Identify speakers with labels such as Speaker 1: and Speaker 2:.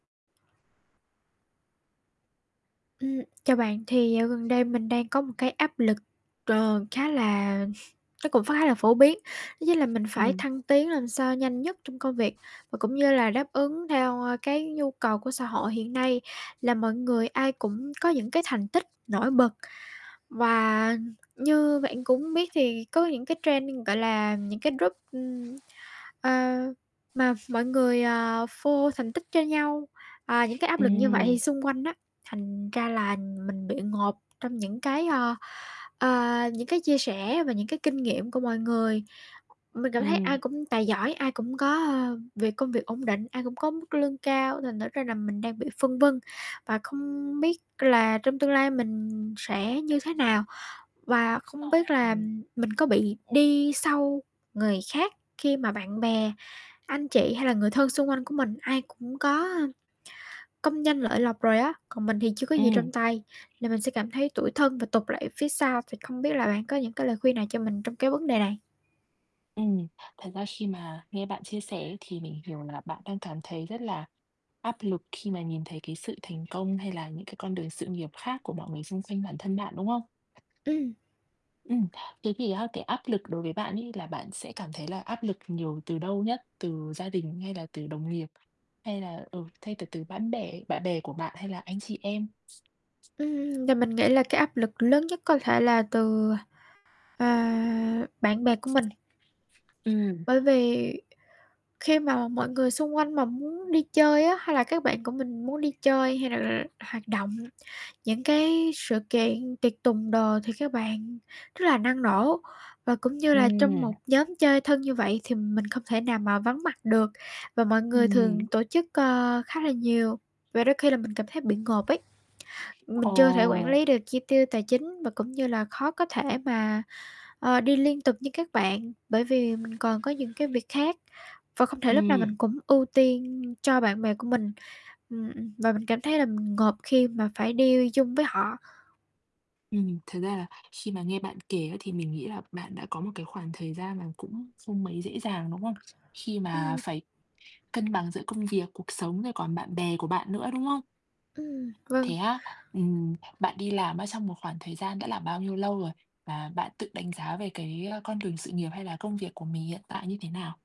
Speaker 1: Ừm. Chào bạn, thì dạo gần đây mình đang có một cái áp lực, ờ, khá là nó cũng khá là phổ biến, đó chính là mình phải
Speaker 2: Ừm.
Speaker 1: thăng tiến làm sao nhanh nhất trong công việc và cũng như là đáp ứng theo, a, cái nhu cầu của xã hội hiện nay là mọi người ai cũng có những cái thành tích nổi bật. Và như bạn cũng biết thì có những cái trend, gọi là, những cái group, ừm, ờ, mà mọi người, ờ, phô thành tích cho nhau, ờ, những cái áp lực như vậy thì
Speaker 2: Ừm.
Speaker 1: xung quanh á, thành ra là mình bị ngộp trong những cái, ơ, ờ, những cái chia sẻ và những cái kinh nghiệm của mọi người. Mình cảm thấy ai
Speaker 2: Ừm.
Speaker 1: cũng tài giỏi, ai cũng có, ơ, việc công việc ổn định, ai cũng có mức lương cao, thành thử ra là mình đang bị phân vân và không biết là trong tương lai mình sẽ như thế nào. Và không biết là
Speaker 2: [unintelligible]
Speaker 1: mình có bị đi sau người khác khi mà bạn bè, anh chị, hay là người thân xung quanh của mình, ai cũng có, a, công danh lợi lộc rồi á, còn mình thì chưa có gì
Speaker 2: Ừm.
Speaker 1: trong tay, nên mình sẽ cảm thấy tủi thân và tụt lại phía sau. Thì không biết là bạn có những cái lời khuyên nào cho mình trong cái vấn đề này?
Speaker 2: Ừm. Thật ra khi mà nghe bạn chia sẻ thì mình hiểu là bạn đang cảm thấy rất là áp lực khi mà nhìn thấy cái sự thành công, hay là những cái con đường sự nghiệp khác của mọi người xung quanh bản thân bạn, đúng không?
Speaker 1: Ừm.
Speaker 2: Ừm, thế thì á cái áp lực đối với bạn ấy là bạn sẽ cảm thấy là áp lực nhiều từ đâu nhất? Từ gia đình, hay là từ đồng nghiệp, hay là, ừ, thay là từ bán bè bạn bè của bạn, hay là anh chị em?
Speaker 1: Ừm, và mình nghĩ là cái áp lực lớn nhất có thể là từ, à, bạn bè của mình.
Speaker 2: Ừm.
Speaker 1: Bởi vì khi mà mọi người xung quanh mà muốn đi chơi á, hay là các bạn của mình muốn đi chơi, hay l là hoạt động, những cái sự kiện tiệc tùng đồ thì các bạn rất là năng nổ và cũng như là trong
Speaker 2: Ừm.
Speaker 1: một nhóm chơi thân như vậy thì mình không thể nào mà vắng mặt được và mọi người
Speaker 2: Ừm.
Speaker 1: thường tổ chức, ơ, khá là nhiều và đôi khi là mình cảm thấy bị ngộp ấy.
Speaker 2: Ờ.
Speaker 1: Mình chưa thể quản lý được chi tiêu tài chính và cũng như là khó có thể mà, ơ, đi liên tục với các bạn, bởi vì mình còn có những cái việc khác và không thể lúc nào
Speaker 2: Ừm.
Speaker 1: mình cũng ưu tiên cho bạn bè của mình. Ừm, ừm, và mình cảm thấy là mình ngộp khi mà phải đi chung với họ.
Speaker 2: Ừm, thật ra là khi mà nghe bạn kể á thì mình nghĩ là bạn đã có một cái khoảng thời gian mà cũng không mấy dễ dàng, đúng không? Khi mà
Speaker 1: Ừm.
Speaker 2: phải cân bằng giữa công việc, cuộc sống, rồi còn bạn bè của bạn nữa, đúng không?
Speaker 1: Ừm.
Speaker 2: Thế
Speaker 1: Vâng.
Speaker 2: á? Ừm, bạn đi làm á trong một khoảng thời gian đã là bao nhiêu lâu rồi và bạn tự đánh giá về cái, a, con đường sự nghiệp, hay là công việc của mình hiện tại như thế nào?